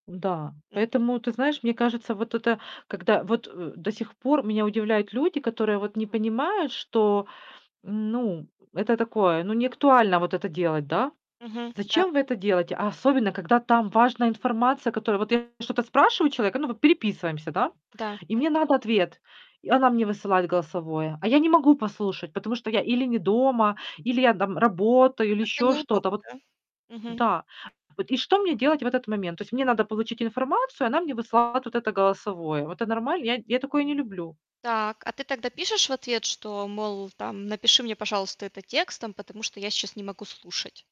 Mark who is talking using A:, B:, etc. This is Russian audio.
A: М-да.
B: Мгм.
A: Поэтому, ты знаешь, мне кажется, вот это когда вот, э, до сих пор меня удивляют люди, которые вот не понимают, что Ну, это такое, ну, неактуально вот это делать, да.
B: Мгм, да.
A: Зачем вы это делаете? А особенно когда там важная информация, которую вот я что-то спрашиваю человека, ну, вот переписываемся, да.
B: Да.
A: И
B: М
A: мне надо ответ. И она мне высылает голосовое, а я не могу послушать, потому что я или не дома, или я там работаю, или
B: Как-то
A: еще что-то.
B: неудобно,
A: Вот
B: да? Мгм.
A: Да. Вот и что мне делать в этот момент? То есть мне надо получить информацию, она мне высылает вот это голосовое. Вот э нормально? Я я такое не люблю.
B: Так, а ты тогда пишешь в ответ, что, мол, там: "Напиши мне, пожалуйста, это текстом, потому что я сейчас не могу слушать"?